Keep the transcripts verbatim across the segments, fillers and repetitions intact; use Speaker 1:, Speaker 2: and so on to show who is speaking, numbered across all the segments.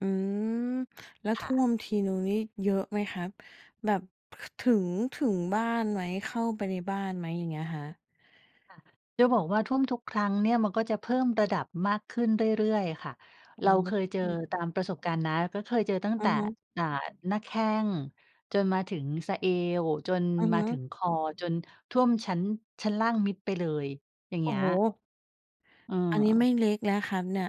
Speaker 1: อืม แล้ว
Speaker 2: ค
Speaker 1: ท
Speaker 2: ่
Speaker 1: ่
Speaker 2: ะ
Speaker 1: วมทีหนึ่งนี่เยอะไหมครับ แบบ ถ ถึง ถึงบ้านไหม เข้าไปในบ้านไหมอย่างเงี้ยครับ?
Speaker 2: จะบอกว่าท่วมทุกครั้งเนี่ย มันก็จะเพิ่มระดับมากขึ้นเรื่อย ๆ ค่ะ
Speaker 1: โ
Speaker 2: เ
Speaker 1: อ
Speaker 2: ร
Speaker 1: ๊
Speaker 2: าเคยเจอ
Speaker 1: ย
Speaker 2: ตามประสบการณ์นะ ก็เคยเจอตั้ง
Speaker 1: อื
Speaker 2: แต่
Speaker 1: อฮึ
Speaker 2: อ่า หน้าแข้ง จนมาถึงสะเอว จน
Speaker 1: อือฮ
Speaker 2: มา
Speaker 1: ึ
Speaker 2: ถึงคอ จนท่วม ชั้น ชั้นล่างมิดไปเลย อย่าง
Speaker 1: โ
Speaker 2: เง
Speaker 1: อ
Speaker 2: ี
Speaker 1: ้
Speaker 2: ้ย
Speaker 1: โฮ!
Speaker 2: เ
Speaker 1: อันนี้ไม
Speaker 2: ออ
Speaker 1: ่เล็กแล้วครับเนี่ย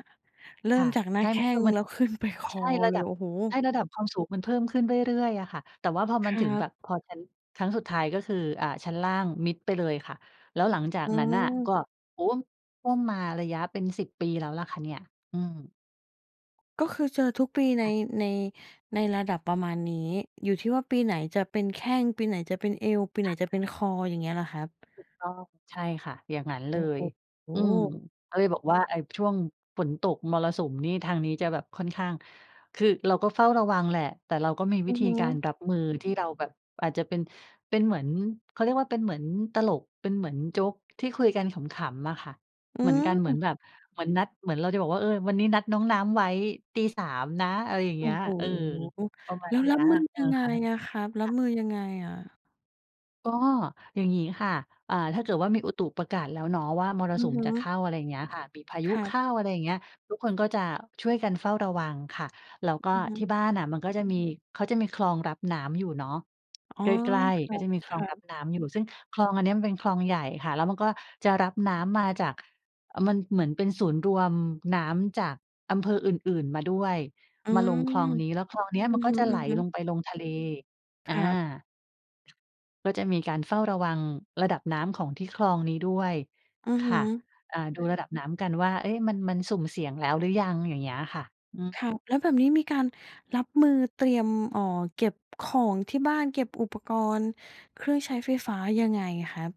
Speaker 1: เร
Speaker 2: ค
Speaker 1: ิ่
Speaker 2: ่
Speaker 1: ม
Speaker 2: ะ
Speaker 1: จากหน้
Speaker 2: ใ
Speaker 1: า
Speaker 2: ช่
Speaker 1: แข
Speaker 2: มัน
Speaker 1: ้
Speaker 2: ก็
Speaker 1: ง
Speaker 2: มั
Speaker 1: แ
Speaker 2: น
Speaker 1: ล้ว ขึ้น ไปค
Speaker 2: ใช่
Speaker 1: อ
Speaker 2: ร
Speaker 1: เ
Speaker 2: ะ
Speaker 1: ล
Speaker 2: ดั
Speaker 1: ย
Speaker 2: บ
Speaker 1: โอ้โฮ!
Speaker 2: ใช่ ระดับความสูงมันเพิ่มขึ้นเรื่อย ๆ อะค่ะ แต่ว่าพอมั
Speaker 1: ค
Speaker 2: น
Speaker 1: ร
Speaker 2: ถ
Speaker 1: ั
Speaker 2: ึงแ
Speaker 1: บ
Speaker 2: บบ พอชั้น ครั้งสุดท้ายก็คือ อ่า ชั้นล่างมิดไปเลยค่ะ แล้วหลังจาก
Speaker 1: อื
Speaker 2: นั้นน่ะก็
Speaker 1: ม
Speaker 2: โอ้โฮ! ท่วมมาระยะเป็น สิบ ปีแล้วแหละค่ะเนี่ย อืม
Speaker 1: ก็คือเจอทุกปี ใน
Speaker 2: ค่ะ
Speaker 1: ใน ในระดับประมาณนี้ อยู่ที่ว่าปีไหนจะเป็นแข้ง ปีไหนจะเป็นเอว ปีไ
Speaker 2: ถ
Speaker 1: หน
Speaker 2: ามอ
Speaker 1: จะ
Speaker 2: ะไ
Speaker 1: เป็น
Speaker 2: ร?
Speaker 1: คอ อย่างเงี้ยเหรอครับ?
Speaker 2: ถูกต้อง ใช่ค่ะ อย่างงั้นเ
Speaker 1: โ
Speaker 2: ล
Speaker 1: อ้
Speaker 2: ย
Speaker 1: โ
Speaker 2: อืม
Speaker 1: ฮ!
Speaker 2: ก็เลยบอกว่าไอ้ช่วงฝนตกมรสุมนี่ ทางนี้จะแบบค่อนข้าง คือเราก็เฝ้าระวังแหละ แต่เราก็มีว
Speaker 1: อ
Speaker 2: ิ
Speaker 1: ือ
Speaker 2: ธี
Speaker 1: ฮ
Speaker 2: กา
Speaker 1: ึ
Speaker 2: รรับมือ ที่เราแบบอาจจะเป็น เป็นเหมือน เขาเรียกว่า เป็นเหมือนตลก เป็นเหมือนโจ๊ก ที่คุยกันขำ ๆ อะค่ะ
Speaker 1: อื
Speaker 2: เหมือนกันเหมือน
Speaker 1: ม
Speaker 2: แบบ เหมือนนัด เหมือนเราจะบอกว่า เอ่อ วันนี้นัดน้องน้ำไว้ ตีสาม นะ อะไรอย่างเ
Speaker 1: โอ
Speaker 2: งี
Speaker 1: ้
Speaker 2: ้ย
Speaker 1: โ
Speaker 2: เออ
Speaker 1: ฮ!
Speaker 2: ประมา
Speaker 1: แ
Speaker 2: ณ
Speaker 1: ล้ว
Speaker 2: เนี
Speaker 1: ร
Speaker 2: ้
Speaker 1: ั
Speaker 2: ย
Speaker 1: บมือ
Speaker 2: อื
Speaker 1: ยั
Speaker 2: อ
Speaker 1: งไง
Speaker 2: ฮึ
Speaker 1: อะครับ รั
Speaker 2: ค
Speaker 1: บ
Speaker 2: ่ะ
Speaker 1: มือยังไงอะ?
Speaker 2: ก็อย่างงี้ค่ะ อ่า ถ้าเกิดว่ามีอุตุประกาศแล้วเนาะ ว่ามร
Speaker 1: อื
Speaker 2: สุ
Speaker 1: อ
Speaker 2: ม
Speaker 1: ฮ
Speaker 2: จะเข
Speaker 1: ึ
Speaker 2: ้า อะไรอย่างเงี้ยค่ะ มีพายุ
Speaker 1: ครั
Speaker 2: เข
Speaker 1: บ
Speaker 2: ้า อะไรอย่างเงี้ย ทุกคนก็จะช่วยกันเฝ้าระวังค่ะ แล้วก็
Speaker 1: อือฮึ
Speaker 2: ที่บ้านอะ มันก็จะมี เขาจะมีคลองรับน้ำอยู่เนาะ
Speaker 1: อ๋
Speaker 2: ใ
Speaker 1: อ
Speaker 2: กล้
Speaker 1: ค
Speaker 2: ๆ ก็จะมีคลอง
Speaker 1: รั
Speaker 2: รั
Speaker 1: บ
Speaker 2: บ
Speaker 1: ๆ
Speaker 2: น้ำอยู่ ซึ่งคลองอันนี้มันเป็นคลองใหญ่ค่ะ แล้วมันก็จะรับน้ำมาจาก มันเหมือนเป็นศูนย์รวมน้ำจากอำเภออื่น ๆ มาด้วย
Speaker 1: อื
Speaker 2: มาล
Speaker 1: ม
Speaker 2: งคลองนี้ แล้วคลองเนี้ย
Speaker 1: อื
Speaker 2: มั
Speaker 1: อ
Speaker 2: นก
Speaker 1: ฮ
Speaker 2: ็จะไหล
Speaker 1: ึ
Speaker 2: ล
Speaker 1: ๆ
Speaker 2: งไปลงทะเล อ
Speaker 1: ครับ
Speaker 2: า ก็จะมีการเฝ้าระวัง ระดับน้ำของที่คลองนี้ด้วย
Speaker 1: อือ
Speaker 2: ค
Speaker 1: ฮ
Speaker 2: ่ะ
Speaker 1: ึ
Speaker 2: อ่า ดูระดับน้ำกันว่า เอ๊ะ! มัน มันสุ่มเสี่ยงแล้วหรือยัง? อย่างเงี้ยอะค่ะ อืม
Speaker 1: ครับ แล้วแบบนี้มีการรับมือเตรียม อ๋อ เก็บของที่บ้านเก็บอุปกรณ์เครื่องใช้ไฟฟ้ายังไงครับ?